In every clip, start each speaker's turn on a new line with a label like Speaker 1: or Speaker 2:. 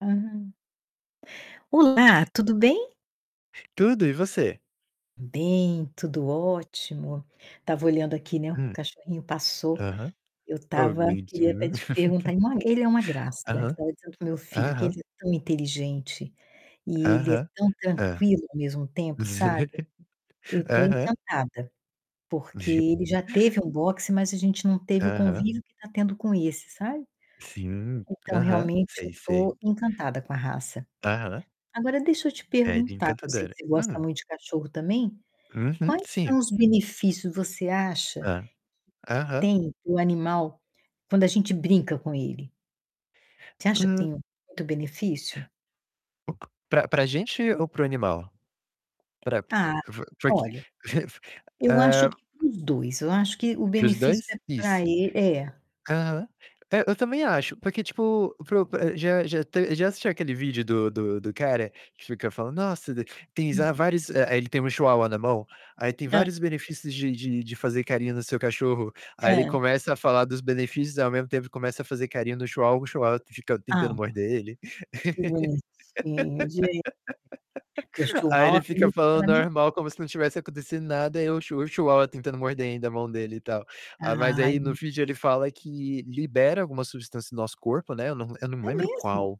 Speaker 1: Uhum. Olá, tudo bem?
Speaker 2: Tudo, e você?
Speaker 1: Bem, tudo ótimo. Estava olhando aqui, né, o
Speaker 2: Hum.
Speaker 1: cachorrinho passou.
Speaker 2: Aham.
Speaker 1: Eu
Speaker 2: Oh, que
Speaker 1: estava queria até
Speaker 2: bonitinho.
Speaker 1: te perguntar não, ele é uma graça. Eu
Speaker 2: Aham.
Speaker 1: estava dizendo para o meu filho que
Speaker 2: Aham.
Speaker 1: ele é tão inteligente e ele é
Speaker 2: Aham.
Speaker 1: tão
Speaker 2: Hã.
Speaker 1: tranquilo ao mesmo tempo, sabe? Eu tô
Speaker 2: Aham.
Speaker 1: encantada, porque ele já teve um boxer, mas a gente não teve o
Speaker 2: Aham.
Speaker 1: convívio que tá tendo com esse, sabe?
Speaker 2: Sim.
Speaker 1: Então,
Speaker 2: Aham.
Speaker 1: realmente
Speaker 2: Sei,
Speaker 1: eu
Speaker 2: sei.
Speaker 1: tô encantada com a raça.
Speaker 2: Aham.
Speaker 1: Agora deixa eu te
Speaker 2: É de
Speaker 1: perguntar que eu sei que
Speaker 2: encantadora.
Speaker 1: você gosta
Speaker 2: Hum.
Speaker 1: muito de cachorro também,
Speaker 2: Uhum,
Speaker 1: quais
Speaker 2: sim.
Speaker 1: são os benefícios, você acha que
Speaker 2: Hã. Aham.
Speaker 1: tem o animal quando a gente brinca com ele? Você acha que
Speaker 2: Hum.
Speaker 1: tem muito benefício?
Speaker 2: O p pra pra gente ou para o animal? Pra
Speaker 1: Ah,
Speaker 2: vo foi que
Speaker 1: olha, eu acho
Speaker 2: Eh
Speaker 1: que para os 2. Eu acho que o
Speaker 2: Para os
Speaker 1: benefício
Speaker 2: 2?
Speaker 1: é pra
Speaker 2: Isso.
Speaker 1: e é.
Speaker 2: Aham. É, eu também acho. Porque, tipo, para o já já te já assistiu aquele vídeo do do do cara que fica falando: "Nossa, de tem já
Speaker 1: Hum.
Speaker 2: vários" Eh, ele tem um chihuahua alemão, aí "Tem
Speaker 1: Hã.
Speaker 2: vários benefícios de de de fazer carinho no seu cachorro", aí ele
Speaker 1: Hum.
Speaker 2: começa a falar dos benefícios, ao mesmo tempo começa a fazer carinho no chihuahua, o chihuahua fica
Speaker 1: Ah,
Speaker 2: tentando
Speaker 1: não.
Speaker 2: morder ele?
Speaker 1: Que bonitinho, gente. Porque o
Speaker 2: Aí ele
Speaker 1: chihuahua é
Speaker 2: fica
Speaker 1: meio
Speaker 2: falando
Speaker 1: temperamental.
Speaker 2: normal como se não tivesse acontecendo nada, e o chu o chihuahua tentando morder ainda a mão dele e tal. Ah, mas
Speaker 1: Ai!
Speaker 2: aí, no
Speaker 1: M
Speaker 2: vídeo, ele fala que libera alguma substância no nosso corpo, né, eu não eu não me
Speaker 1: É
Speaker 2: lembro
Speaker 1: mesmo?
Speaker 2: qual.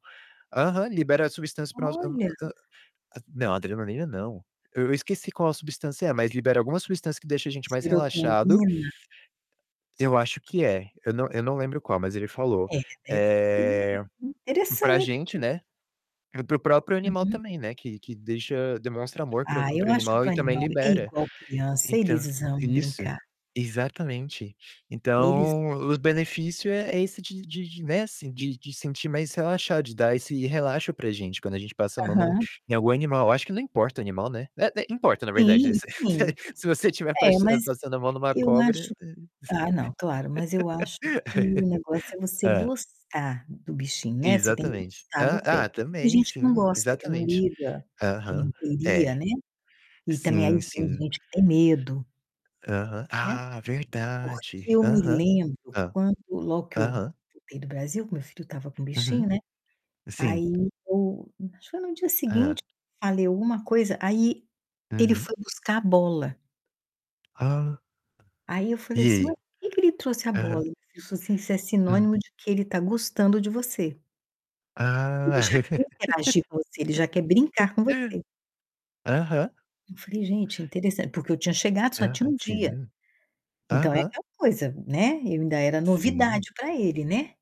Speaker 2: Aham, libera substâncias para o no hum,
Speaker 1: Olha!
Speaker 2: hã hã. Hã não, adrenalina, não. Eu eu esqueci qual substância é, mas libera alguma substância que deixa a gente mais relaxado.
Speaker 1: Serotonina?
Speaker 2: Eu acho que é, eu não eu não lembro qual, mas ele falou.
Speaker 1: É, deve ser
Speaker 2: Eh,
Speaker 1: [unintelligible]
Speaker 2: pra gente,
Speaker 1: Interessante!
Speaker 2: né, e para o próprio animal
Speaker 1: Uhum.
Speaker 2: também, né, que que deixa demonstra amor para
Speaker 1: Ah,
Speaker 2: o para
Speaker 1: eu
Speaker 2: o
Speaker 1: acho
Speaker 2: animal
Speaker 1: que
Speaker 2: e
Speaker 1: o
Speaker 2: também
Speaker 1: animal é
Speaker 2: libera.
Speaker 1: igual criança,
Speaker 2: Então,
Speaker 1: eles amam
Speaker 2: isso,
Speaker 1: brincar.
Speaker 2: exatamente.
Speaker 1: Eles
Speaker 2: Então, o benefício é é esse de de de, né, assim, de de sentir mais relaxado, de dar esse relaxo pra gente quando a gente passa a mão num
Speaker 1: Aham.
Speaker 2: em algum animal. Eu acho que não importa o animal, né, eh eh, importa, na
Speaker 1: Sim,
Speaker 2: verdade.
Speaker 1: sim.
Speaker 2: Se você estiver
Speaker 1: É,
Speaker 2: pas
Speaker 1: mas
Speaker 2: passando a mão numa
Speaker 1: eu
Speaker 2: cobra,
Speaker 1: acho ah, não, claro, mas eu acho
Speaker 2: eh
Speaker 1: que o negócio é você
Speaker 2: hã.
Speaker 1: gostar do bichinho, né, você tem que
Speaker 2: Exatamente.
Speaker 1: gostar
Speaker 2: Hã?
Speaker 1: do pet.
Speaker 2: Ah,
Speaker 1: Tem
Speaker 2: também,
Speaker 1: gente que não
Speaker 2: sim.
Speaker 1: gosta, que não
Speaker 2: Exatamente.
Speaker 1: liga, que não
Speaker 2: Aham.
Speaker 1: queria,
Speaker 2: É.
Speaker 1: né, e também aí
Speaker 2: Sim,
Speaker 1: tem
Speaker 2: sim.
Speaker 1: gente que tem medo.
Speaker 2: Aham.
Speaker 1: Né?
Speaker 2: Ah,
Speaker 1: Porque
Speaker 2: verdade!
Speaker 1: eu me
Speaker 2: Aham.
Speaker 1: lembro
Speaker 2: Hã.
Speaker 1: quando logo que eu
Speaker 2: Aham.
Speaker 1: voltei do Brasil, que meu filho estava com o
Speaker 2: Uhum.
Speaker 1: bichinho, né,
Speaker 2: Sim.
Speaker 1: aí eu acho que foi no dia
Speaker 2: Hã.
Speaker 1: seguinte, falei alguma coisa, aí ele
Speaker 2: Uhum.
Speaker 1: foi buscar a bola.
Speaker 2: Ah!
Speaker 1: Aí eu falei
Speaker 2: E
Speaker 1: assim: "Mas
Speaker 2: aí?
Speaker 1: por que que ele trouxe a bola?"
Speaker 2: Aham.
Speaker 1: E o meu filho falou assim: "Isso é
Speaker 2: Hum.
Speaker 1: sinônimo de que ele tá gostando de você." Ele
Speaker 2: Ah.
Speaker 1: já quer interagir com você, ele já quer brincar com você.
Speaker 2: Aham.
Speaker 1: Eu falei: "Gente, interessan", porque eu tinha chegado só tinha
Speaker 2: Aham,
Speaker 1: 1 dia.
Speaker 2: sim.
Speaker 1: Então é
Speaker 2: Aham.
Speaker 1: aquela coisa, né, eu ainda era
Speaker 2: Sim.
Speaker 1: novidade pra ele, né.